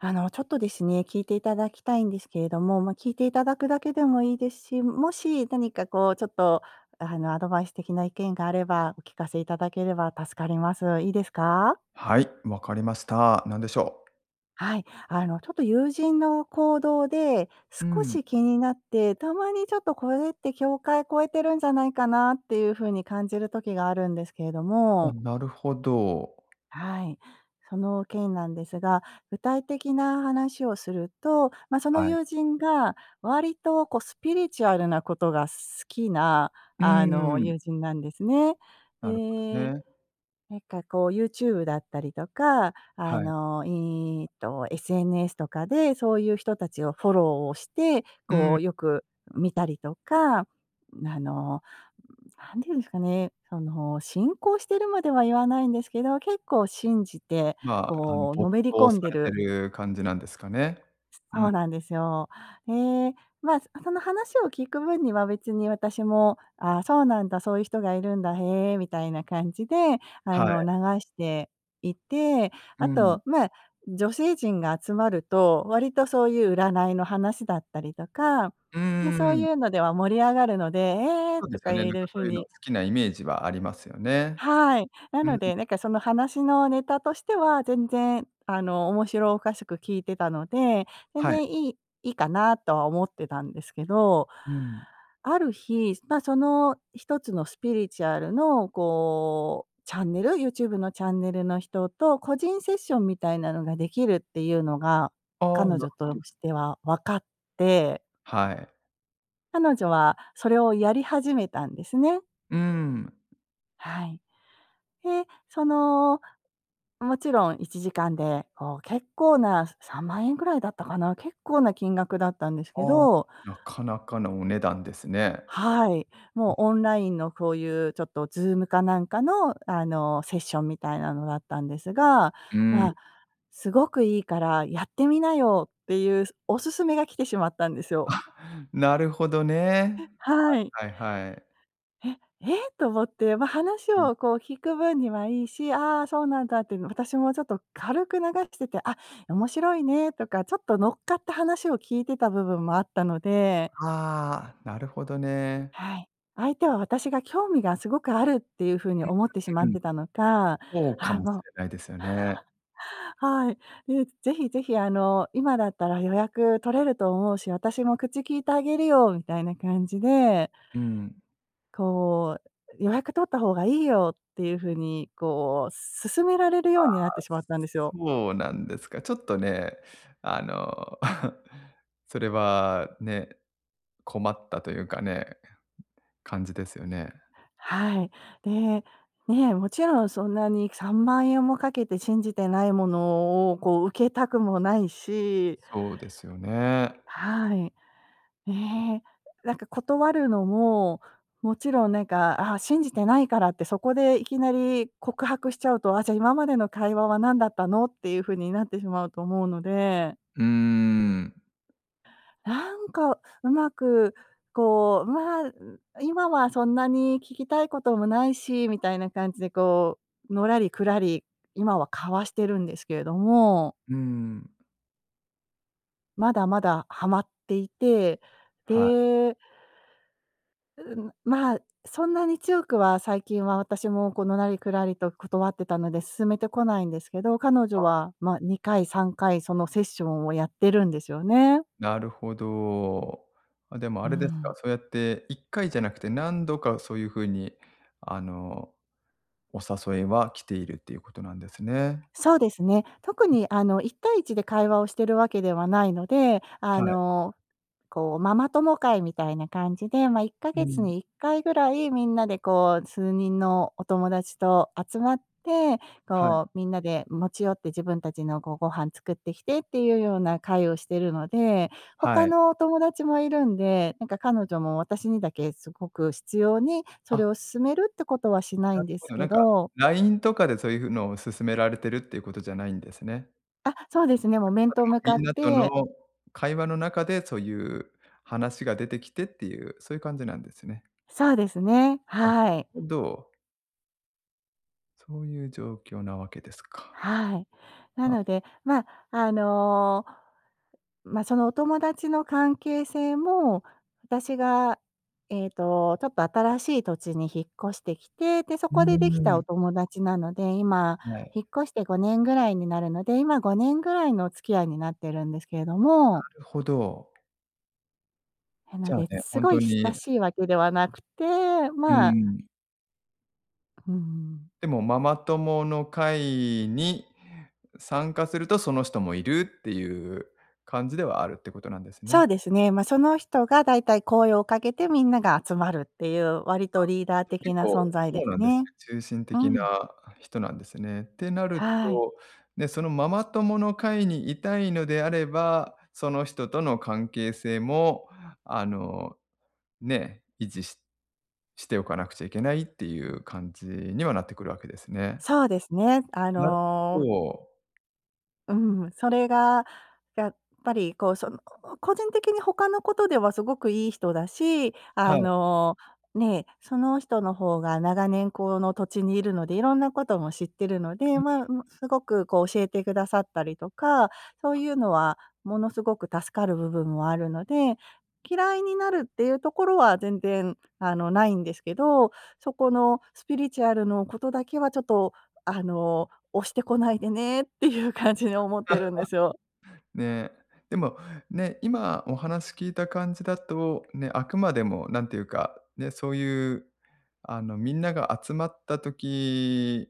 あの、ちょっとですね、聞いていただきたいんですけれども、ま、聞いていただくだけでもいいですし、もし何かこうちょっと、あのアドバイス的な意見があれば、お聞かせいただければ助かります。いいですか？はい、わかりました。何でしょう。はい。あの、ちょっと友人の行動で、う少ん。し気になって、たまにちょっとこれって境界超えてるんじゃないかなっていうふうに感じる時があるんですけれどあ、も。なるほど。はい。その件なんですが、具体的な話をすると、ま、そのはい。友人が、割とこうスピリチュアルなことが好きな、うあの、友ん。人なんですね。なるほどで、ね。なんかこうユーチューブだったりとか、あはい。の、いいと SNS とかで、そういう人たちをフォローをして、うこん。うよく見たりとか、ん、あの、ん、なんて言うんすかね、その信仰してるまでは言わないんですけど、結構信じて、ま、あのこうの没めり頭込さんでれてるる感じなんですかね。すうそうん。なんですよ。え、ま、その話を聞く分には別に私も「ああ、そうなんだ、そういう人がいるんだ、へえ」みたいな感じであはい。の、流していて、うあん。と、ま、女性陣が集まると、割とそういう占いの話だったりとか、うんま、うんうそうんうん。いうのでは盛り上がるので、「ええ！」そうでとすかよ言ね、えなんかる風そういうのに好きなイメージはありますよね。はい。なうん。ので、なんかその話のネタとしては全然あの、面白おかしく聞いてたので、全はい。然いいいいかなとは思ってたんですけど、うん。ある日、ま、その一つのスピリチュアルのこう、チャンネル？ユーチューブのチャンネルの人と個人セッションみたいなのができるっていうのが、あ、彼なる女ほとど。しては分かってはい。彼女はそれをやり始めたんですね。うーむ。はい。へ、その、もちろん1時間で、お、結構な、す3万円ぐらいだったかな、結構な金額だったんですあけあ。どなかなかのお値段ですね。はい。うもう、ん。オンラインのこういうちょっとズームかなんかの、あの、セッションみたいなのだったんですが、うーまん。あ「すごくいいからやってみなよ」っていう、すお勧めが来てしまったんですよ。あ、なるほどね。ふ、はい。はいはいはい。「へ、ええ！」と思って、ま、話うん。をこう、聞く分にはいいし、「ああ、そうなんだ」っていうの私もちょっと軽く流くしてて「あ、面白いね」とかちょっと乗っかった話を聞いてた部分もあったので。はあ、なるほどね。はい。相手は私が興味がすごくあるっていう風に思ってしまうんっうん。てたのか。そうかああもしもうれないですよね。はい。で「ぜひぜひ、あの、今だったら予約取れると思うし、私も口きいてあげるよ」みたいな感じで。うん。こう「予約取った方がいいよ」っていう風にこう、勧められるあようあ、になってしまったんですよ。そうなんですか。ちょっとね、あの、それはね、困ったというかね、感じですよね。はい。で、ね、もちろんそんなに3万円もかけて信じてないものをこう、受けたくもないし。そうですよね。はい。ええ、なんか断るのも、もちろん、なんか、「ああ、信じてないから」ってそこでいきなり告白しちゃうと「あ、じゃあ今までの会話は何だったの」っていう風になってしまうと思うので。うーん。なんか、上手くこう、ま、ん、今はそんなに聞きたいこともないし、みたいな感じでこう、のらりくらり、今は交わしてるんですけれども。うーん。まだまだハマっていて、はい。でうん、ま、そんなに強くは最近は、私もこう、のらりくらりと断ってたので勧めてこないんですけど、彼女あ。は、ま、2回3回そのセッションをやってるんですよね。なるほど。あ、でもうあーれですか、ん。そうやって1回じゃなくて、何度かそういう風に、あの、お誘いは来ているっていうことなんですね。そうですね。特ん。にあの、一対一で会話をしてるわけではないので、あはい。の、こう、ママ友会みたいな感じで、ま、いっかうげつん。に1回ぐらい、みんなでこう数人のお友達と集まって、はい。こうみんなで持ち寄って、自分たちのこうご飯作って来てっていう様な会をしてるので、は他い。のお友達も居るんで、なんか彼女も私にだけすごく執拗に、そあれを勧めるってことはしないなんるでほすど、けなんか、ど。LINE とかでそういうのを勧められてるっていうことじゃないんですね。あ、そうですね、もあうく面とま向でかもみっんなとのて会話の中でそういう話が出てきてっていう、そういう感じなんですね。そうですね、あ、はい。ほど。そういう状況なわけですか。はい。なあ。のでま、あの、ま、そのお友達の関係性も、私が、ええとちょっと新しい土地に引っ越してきて、で、そうこでできたーおん。友達なので、今はい。引っ越して5年ぐらいになるので、今5年ぐらいのお付き合いになってるんですけれどなもるほど。なじのゃあで、ね、すほんごとい親にしいわけではなくて、うーまあん。うーん。でもママ友の会に参加すると、その人もいるっていう感じではあるってことなんですそうね。ですね。ま、その人がだいたい声をかけてみんなが集まるっていう、割あ、とリーダーじゃ的結な存構在そですうなんですね、ね。中心う的な、ん。あ、人なんですね。ってなるはい。と、ね、そのママ友の会に居たいのであればその人との関係性も、あの、ね、維持ししておかなくちゃいけないっていう感じにはなってくるわけですね。そうですね、あなるほのど。うん。それが、やっぱりこう、その、ここ個人的に、他のことではすごくいい人だし、あはい。の、ね、その人のほうが、長年この土地にいるので、いろんなことも知ってるので、うま、ん。うん、すごくこう、教えてくださったりとか、そういうのは、ものすごく助かる部分もあるので、嫌いになるっていうところは全然、あの、ないんですけど。そこのスピリチュアルのことだけはちょっと、あの、押してこないでねっていう感じに、思ってる んですよ。ね。でも、ね。今、お話聞いた感じだと、ね、あくまでもなんていうか、ね、そういう、あの、みんなが集まった時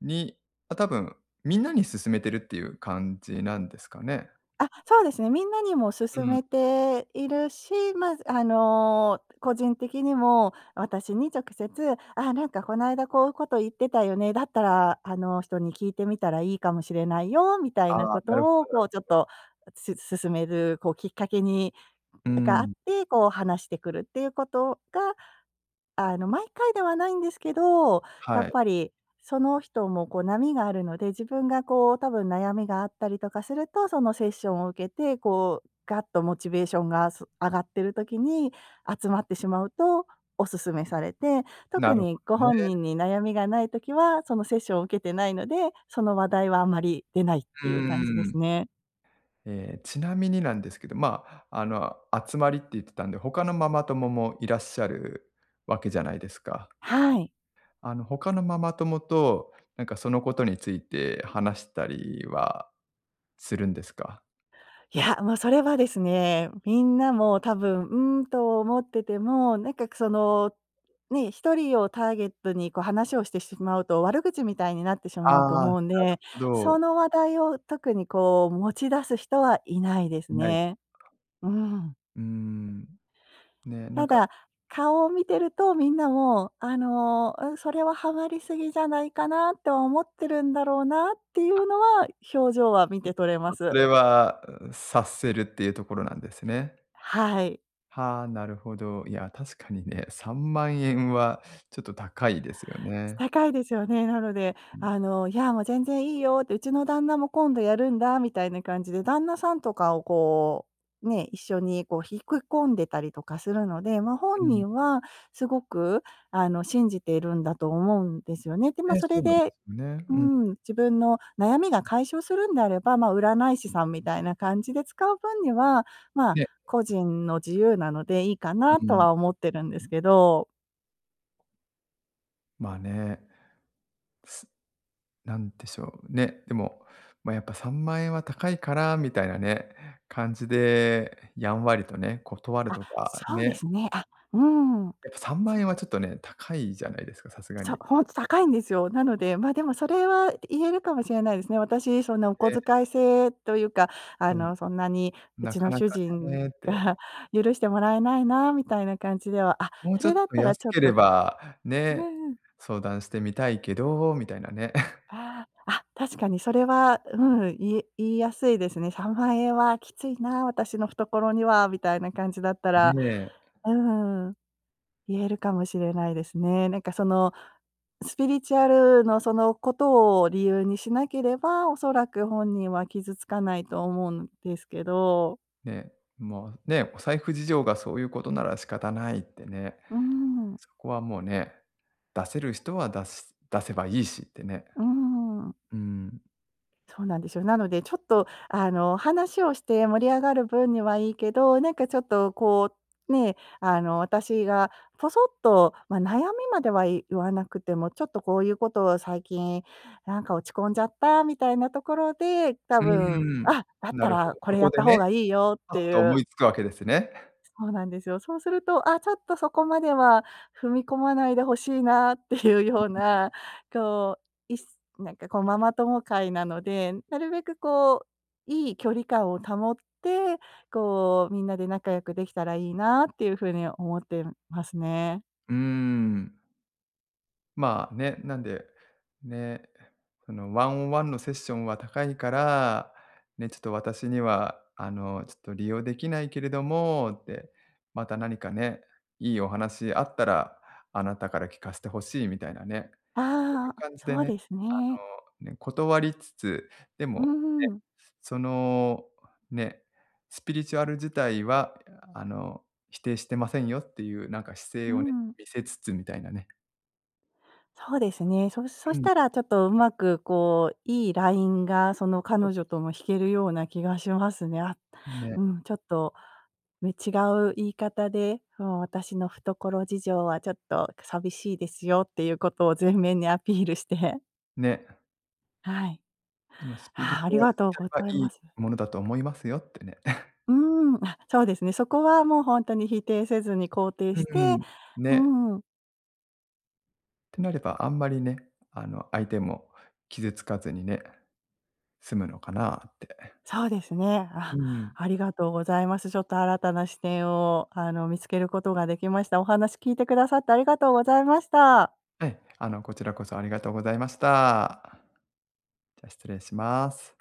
に、あ、たぶん、みんなに勧めてるっていう感じなんですかね。あ、そうですね。みんなにもう勧ん。めているし、まあ、す、あの、個人的にも、私に直接「あ、なんかこの間、こういうこと言ってたよね。だったら、あの人に聞いてみたらいいかもしれないよ」みたいなああ。こなるほとどなを、こう、ちょるっほど。と、す勧めるこうきっかけにうがあっん。て、こう、話してくるっていうことが、あの、毎回ではないんですけど、やはっい。ぱりその人もこう波があるので、自分がこう、たぶん悩みがあったりとかすると、そのセッションを受けて、こうガッとモチベーションが、す、上がってる時に集まってしまうと、お勧めされて、な特るほにごどね。本人に悩みがない時は、そのセッションを受けてないので、その話題はあまり出ないっうてーいう感じですん。ね。ええ、ちなみになんですけど、まあ、あの、集まりって言ってたんで、他のママ友もいらっしゃるわけじゃないですか。はい。あの、他のママ友と、なんか、そのことについて話したりはするんですか。いや、もうそれはですね、みんなも多分、うーんと思ってても、なんかそのね、一人をターゲットにこう話をしてしまうと、悪口みたいになってしまうとあ、な思るうんで、ほそど。の話題を特にこう持ち出す人はいないですいない。ね。うーん。うーん、ね、なんたかだ、顔を見てるとみんなもあの、ん、「それはハマりすぎじゃないかな」と思ってるんだろうなっていあ、うのは表情は見て取れまと、そす。れは、察せるっていうところなんですね。はい。はあ、なるほど。いや確かにね、¥30000はちょっと高いですよね。高いですよね。なので、うん。あの、「いや、もう全然いいよ」って、「うちの旦那も今度やるんだ」みたいな感じで、旦那さんとかをこう、ね、一緒にこう引こ込んでたりとかするので、ま、う本ん。人はすごくあの信じているんだと思うんですよね。で、ま、え、そそれうなんでですね。うーうん。ん、自分の悩みが解消するんであれば、まあ、占い師さんみたいな感じで使う分には、ま、ね。個人の自由なのでいいかうなうとん。は思ってるんですけど。まあね、す、なんでしょうね、でも、ま、「やっぱ3万円は高いから。」みたいなね、感じでやんわりとね、断るあ、とかそうでね。すね。あ、うーん。やっぱさんまんそえんはちょっとね、高いじゃないですか、さすがそ、に。ほんと高いんですよ。なので、ま、でもそれは言えるかもしれないですね。私、そんなお小え。遣い制というか、あうん。の、「そんなにうなちかのな主か人ねって。が許してもらえないな。」みたいな感じでは、あ、もうそちょれっだっとたら安ちょっけれとば、うんね、うん。相談してみたいけど、みたいなね。ああ。あ、確かにそれは、うん、いえ言いやすいですね。「3万円はきついな、私の懐には。」みたいな感じだったら、ね。うーん、言えるかもしれないですね。なんかその、スピリチュアルのそのことを理由にしなければ、おそらく本人は傷つかないと思うんですけど。ね、もうね、お財布事情がそういうことなら仕方ないってね。うーん。そこはもうね、出せる人は出す、出せばいいしってね。うーん。うん。そうなんですよ。なのでちょっと、あの、話をして盛り上がる分にはいいけど、なんかちょっと、こう、ね、あの私がポソッと、ま、悩みまではい言わなくても「ちょっとこういうことを最近、なんか落ち込んじゃった」みたいなところで、多うー分、ん、「あ、だっなたるほらど、こそれやこっでた方ね、がいいよ」っパッていと思ういつくわけですね。そうなんですよ。そうすると「あ、ちょっとそこまでは踏み込まないで欲しいな」っていううようーん。な、こう、いすなんかこう、ママ友会なので、なるべくこう、いい距離感を保って、こう、みんなで仲良くできたらいいなっていうふうに思ってるんますね。うーん。まあ、ね、なんで、ね、その、「ワンオンワンのセッションは高いから、ね、ちょっと私には、あの、ちょっと利用できないけれども」って「また何かね、いいお話あったらあなたから聞かせて欲しい」みたいなね、そういあうあ、感じでそうね、ですね。あの、ね、断りつつ、でうーも、ね。ん。その、ね、スピリチュアル自体は、あの、否定してませんよっていうなんか姿う勢ーをね、ん。見せつつみたいなね。そうですね。そそうしん。たらちょっとうまく、こう、いいラインがそのそう彼そ女うとそう。も引けるような気がしますね。あ、ね。うん、ちょっとね、違う言い方で、もう私の懐事情はちょっと寂しいですよっていうことを前面にアピールして。ね。はい。「でもスピリあチあ、ありュアルがとう自ご体はざいいいます。ものだと思いますよ」ってね。うーん、あ、そうですね、そこはもうほんとに否定せずに肯定うしーて、ん、うね。ーん。てなれば、あんまりね、あの、相手も傷つかずにね、済むのかなってそうですね。うあ、ん。ありがとうございます。ちょっと新たな視点を、あの、見つけることができました。お話聞いてくださってありがとうございました。ええ、あの、こちらこそありがとうございました。じゃ失礼します。